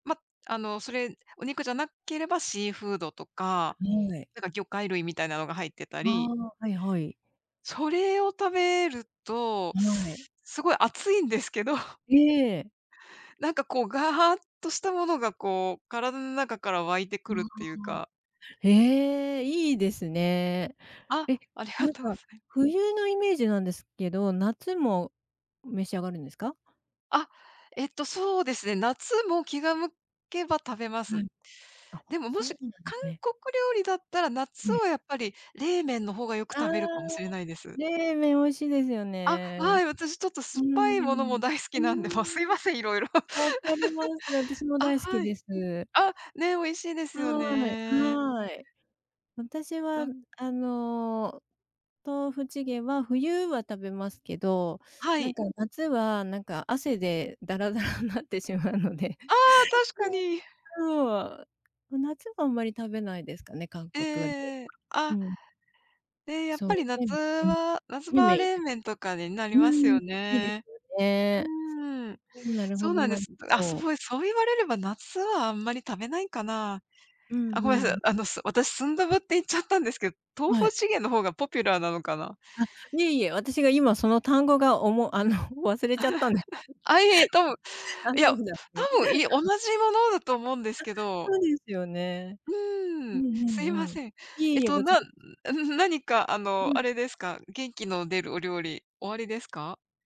ま、あの、それ、お肉じゃなければ、シーフードとはか、い。なんか魚介類みたいなのが入ってたありあ、はいはい。それを食べると、はい。すごい暑いんですけど。ええ。なんかこう、ガハーとしたものがこう、体の中から湧いてあくるっあ。ていうか。へえ。いいですね。あ、え、ありながんとうごか、ざい冬のイメージなんですけど、夏も、う召し上がるんですか？あ、えっと、そうですね。夏も気が向けば食べまはす。い。あ、でも、もそうなし、ん韓ね。国料理だったら、夏はい。はやっぱり冷麺の方がよくああ、食べるかもしれないです。冷麺美味しいですよあ、ね。はい、私ちょっとう酸ーっぱいものもん。大好うーきなんで、もうすいん。ません、いろいろ。分かります、私 もあ、大好きはでい。す。あ、ね、美味しいですよはい、ね。はい。私うはん。あの、豆腐チゲは冬は食べますけど、はなんい。か夏は、なんか、汗でだらだらんなってしまうので。ああ、確か [unintelligible] に。そう。う夏はあんまり食べないですかね、韓ええ国 [unintelligible] ええええ。うあ。ん。え、やっそう、ぱり冷夏麺うん、は、夏冷場は麺冷一番麺とかになりいいです、まうすーん、よいいでね。すようね。ーん。うーん、なるほそうど、なんでなるす。んだあ、そど。う、え、そう言われれば、夏はあんまり食べないかな。うん、あ、ふごめんさい。ん。あの、す私、スンドゥブって言っちゃったんですけ豆は腐い。チゲのほうがポピュラーなのかな。あ、いえいえ、私が今その単語がおもあの、忘れちゃったんで あ、いえ、とぶうああ、いそや、うふだた思って。ぶんい同 じものだと思うんですあ、けど。そうですよね。ううーんん、うすいまんうん。せん。いええっいえ、とこちなうらん、何かあの、はい。あれですか、元気の出るお料理、おありですか？